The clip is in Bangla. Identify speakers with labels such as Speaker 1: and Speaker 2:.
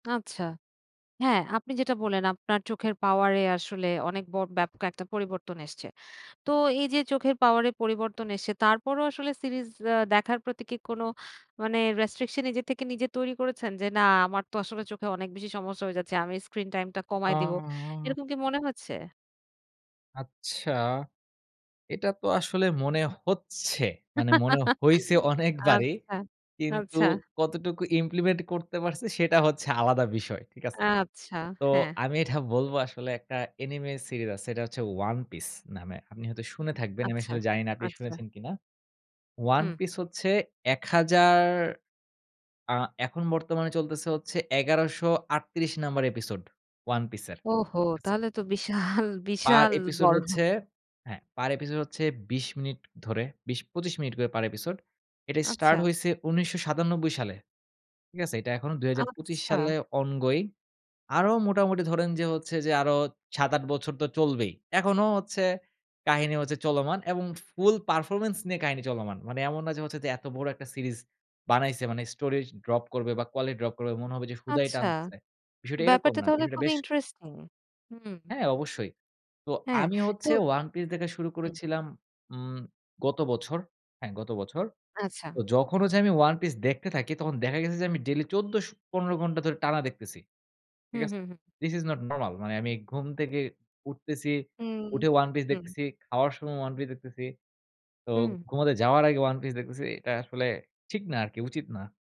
Speaker 1: আচ্ছা। হ্যাঁ, আপনি যেটা বললেন আপনার চোখের পাওয়ার এ আসলে অনেক ব ব্যাপক একটা পরিবর্তন এসছে। তো এই যে চোখের পাওয়ার এ পরিবর্তন এসে, তারপরও আসলে সিরিজ আ দেখার প্রতি কি কোনো মানে, রেস্ট্রিকশন নিজের থেকে নিজে তৈরি করেছেন? যে, "না, আমার তো আসলে চোখে অনেক বেশি সমস্যা হয়ে যাচ্ছে। আমি স্ক্রিন টাইম টা কমায় দিবো।"
Speaker 2: ও!
Speaker 1: এরকম কি মনে হচ্ছে?
Speaker 2: আচ্ছা। এটা তো আসলে মনে হচ্ছে। মানে মনে হইছে অনেকবারই।
Speaker 1: আচ্ছা,
Speaker 2: কিন্তু
Speaker 1: আচ্ছা।
Speaker 2: কতটুকু ইমপ্লিমেন্ট করতে পারছি, সেটা হচ্ছে আলাদা বিষয়। ঠিক আছে?
Speaker 1: আচ্ছা,
Speaker 2: তো
Speaker 1: হ্যাঁ।
Speaker 2: আমি এটা বলব, আসলে একটা অ্যানিমে সিরিজ আছে। এটা হচ্ছে 'One Piece' নামে। আপনি হয়তো শুনে থাকবেন, আমি
Speaker 1: আচ্ছা।
Speaker 2: আসলে জানি না আপনি
Speaker 1: আচ্ছা।
Speaker 2: শুনেছেন কিনা। 'One
Speaker 1: হুম।
Speaker 2: Piece' হচ্ছে ১০০০ আ এখন বর্তমানে চলতেছে হচ্ছে ১১৩৮ নাম্বার এপিসোড, 'One Piece' এর
Speaker 1: ওহো!
Speaker 2: আচ্ছা।
Speaker 1: তাহলে তো বিশাল,
Speaker 2: পার
Speaker 1: বিশাল
Speaker 2: এপিসোড
Speaker 1: বড়।
Speaker 2: হচ্ছে হ্যাঁ। পার এপিসোড হচ্ছে ২০ মিনিট ধরে ২০/২৫ মিনিট করে পার এপিসোড। এটা স্টার্ট
Speaker 1: আচ্ছা।
Speaker 2: হইছে ১৯৯৭ সালে। ঠিক আছে? এটা এখনো ২০২৫
Speaker 1: আচ্ছা।
Speaker 2: সালে অনগোইং। আরো মোটামুটি ধরেন যে হচ্ছে যে, আরো ৭-৮ বছর তো চলবেই। এখনো হচ্ছে কাহিনী হচ্ছে চলমান এবং ফুল পারফরম্যান্স নিয়ে কাহিনী চলমান। মানে এমন না যে হচ্ছে যে, এত বড় একটা সিরিজ বানাইছে। মানে স্টোরি য ড্রপ করবে বা কোয়ালিটি ড্রপ করবে, মনে হবে যে হুদাই
Speaker 1: আচ্ছা।
Speaker 2: টানতেছে, বিষয়টা এরকম
Speaker 1: ব্যাপারটা
Speaker 2: না।
Speaker 1: তাহলে
Speaker 2: বিষয়টা
Speaker 1: খুবই
Speaker 2: বেশ
Speaker 1: ইন্টারেস্টিং। হুম।
Speaker 2: হ্যাঁ, অবশ্যই। তো
Speaker 1: হ্যাঁ,
Speaker 2: আমি
Speaker 1: তো
Speaker 2: হচ্ছে 'One Piece' দেখা শুরু
Speaker 1: হুম।
Speaker 2: করেছিলাম উম গত বছর। হ্যাঁ, গত বছর।
Speaker 1: আচ্ছা।
Speaker 2: তো যখন হচ্ছে আমি 'One Piece' দেখতে থাকি, তখন দেখা গেছে যে আমি ডেইলি ১৪ স ১৫ ঘণ্টা ধরে টানা দেখতেছি। ঠিক
Speaker 1: হুম,
Speaker 2: আছে?
Speaker 1: হুম, হুম।
Speaker 2: This is not normal. মানে আমি ঘুম থেকে উঠতেছি।
Speaker 1: হুম।
Speaker 2: উঠে 'One Piece'
Speaker 1: হুম।
Speaker 2: দেখতেছি, খাওয়ার সময় 'One Piece' দেখতেছি। তো
Speaker 1: হুম।
Speaker 2: ঘুমাতে যাওয়ার আগে 'One Piece' দেখতেছি। এটা আসলে ঠিক না আরকি, উচিত না।